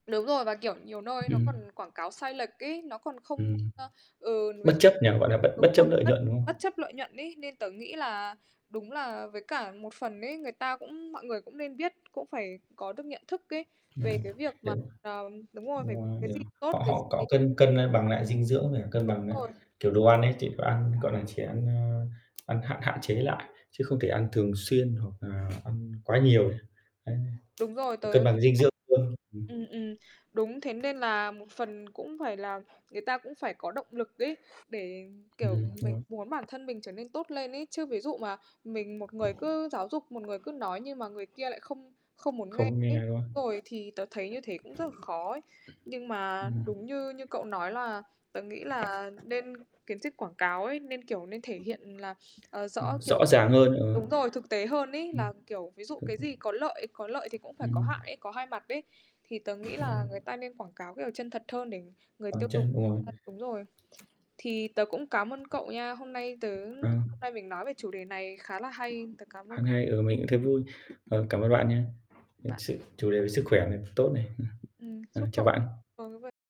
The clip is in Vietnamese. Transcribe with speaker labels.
Speaker 1: Đúng rồi, và, kiểu, nhiều nơi nó
Speaker 2: Ừm.
Speaker 1: còn quảng cáo sai lệch ấy. Nó còn không
Speaker 2: Ừm.
Speaker 1: ơ, ừ, ví
Speaker 2: Bất
Speaker 1: dụ
Speaker 2: chấp nhỉ? Gọi là, bất
Speaker 1: đúng
Speaker 2: bất
Speaker 1: rồi
Speaker 2: chấp lợi
Speaker 1: bất
Speaker 2: nhuận, đúng không?
Speaker 1: bất chấp lợi nhuận ấy, nên tớ nghĩ là đúng là với cả một phần ấy, người ta cũng mọi người cũng nên biết. Cũng phải có được nhận thức ấy
Speaker 2: Ừm,
Speaker 1: về cái việc mà, ờ đúng rồi, phải v
Speaker 2: đúng
Speaker 1: vệ
Speaker 2: rồi,
Speaker 1: sinh
Speaker 2: [unintelligible]
Speaker 1: tốt
Speaker 2: họ
Speaker 1: cái
Speaker 2: họ
Speaker 1: gì
Speaker 2: có
Speaker 1: [unintelligible]
Speaker 2: cân cân, ơ, bằng lại dinh dưỡng, với cả cân
Speaker 1: đúng
Speaker 2: bằng lại,
Speaker 1: rồi,
Speaker 2: kiểu,
Speaker 1: đúng.
Speaker 2: đồ ăn ấy, chỉ có ăn, gọi là, chỉ ăn, ơ, ăn hạn hạn chế lại, chứ không thể ăn thường xuyên hoặc là ăn quá nhiều. Đấy,
Speaker 1: Đúng rồi, tớ
Speaker 2: cân bằng dinh dưỡng luôn.
Speaker 1: [unintelligible]
Speaker 2: Ừm.
Speaker 1: ừm, ừm. Đúng, thế nên là một phần cũng phải là người ta cũng phải có động lực ấy để,
Speaker 2: Ừm,
Speaker 1: kiểu,
Speaker 2: đúng
Speaker 1: mình
Speaker 2: rồi.
Speaker 1: muốn bản thân mình trở nên tốt lên ấy. Chứ ví dụ mà mình một người cứ giáo dục, một người cứ nói, nhưng mà người kia lại không không muốn nghe
Speaker 2: Không
Speaker 1: ấy,
Speaker 2: nghe, đúng không?
Speaker 1: đúng rồi, thì tớ thấy như thế cũng rất là khó ấy. Nhưng mà
Speaker 2: Ừm.
Speaker 1: đúng như như cậu nói là tớ nghĩ là nên kiến thức quảng cáo ấy, nên, kiểu, nên thể hiện là, ờ,
Speaker 2: Ừm,
Speaker 1: rõ, kiểu
Speaker 2: rõ ràng hơn, ờ.
Speaker 1: đúng rồi, thực tế hơn
Speaker 2: Ừm.
Speaker 1: ấy. Là, kiểu, ví dụ cái gì
Speaker 2: [unintelligible]
Speaker 1: có lợi có lợi thì cũng phải có
Speaker 2: Ừm.
Speaker 1: hại ấy, có hai mặt ấy, thì tớ nghĩ
Speaker 2: Ừm.
Speaker 1: là người ta nên quảng cáo kiểu chân thật hơn để người
Speaker 2: Bàn
Speaker 1: tiêu dùng
Speaker 2: chân, đúng rồi.
Speaker 1: ờ, đúng rồi. Thì tớ cũng cám ơn cậu nha, hôm nay tớ hôm
Speaker 2: Ừm.
Speaker 1: nay mình nói về chủ đề này khá là hay, tớ cám ơn
Speaker 2: Hôm
Speaker 1: cậu.
Speaker 2: nay, ừ, mình cũng thấy vui. Ờ, cảm ơn bạn nhá, ờ,
Speaker 1: Bạn.
Speaker 2: sự chủ đề về sức khỏe này tốt này. Ừm.
Speaker 1: Ừm,
Speaker 2: Ờ,
Speaker 1: chúc
Speaker 2: chào
Speaker 1: cậu
Speaker 2: bạn.
Speaker 1: rồi, ô kê.